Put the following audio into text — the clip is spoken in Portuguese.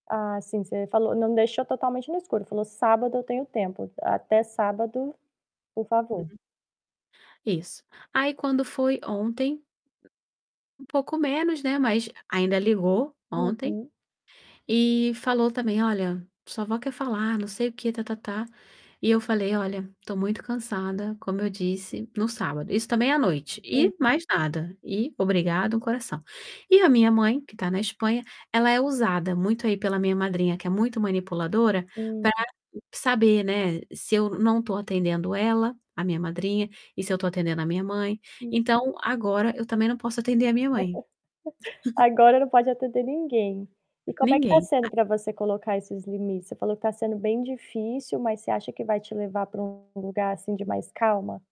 Ah, sim você falou, não deixou totalmente no escuro, falou: "Sábado eu tenho tempo, até sábado, por favor". [unintelligible] Isso. Aí quando foi ontem um pouco menos, né, mas ainda ligou ontem Uhum. e falou também: "Olha, sua avó quer falar, não sei o quê tá-tá-tá", e eu falei: "Olha, estou muito cansada, como eu disse", no sábado, isso também à noite, e Uhum. mais nada, e obrigada um coração. E a minha mãe, que está na Espanha, ela é usada muito aí pela minha madrinha, que é muito manipuladora, Uhum. para saber, né, se eu não estou atendendo ela, a minha madrinha, e se eu estou atendendo a minha mãe, Hum. então agora eu também não posso atender a minha mãe. Agora não pode atender ninguém. E como é que está Ninguém sendo a para você colocar esses limites? Você falou que está sendo bem difícil, mas você acha que vai te levar para um lugar assim de mais calma?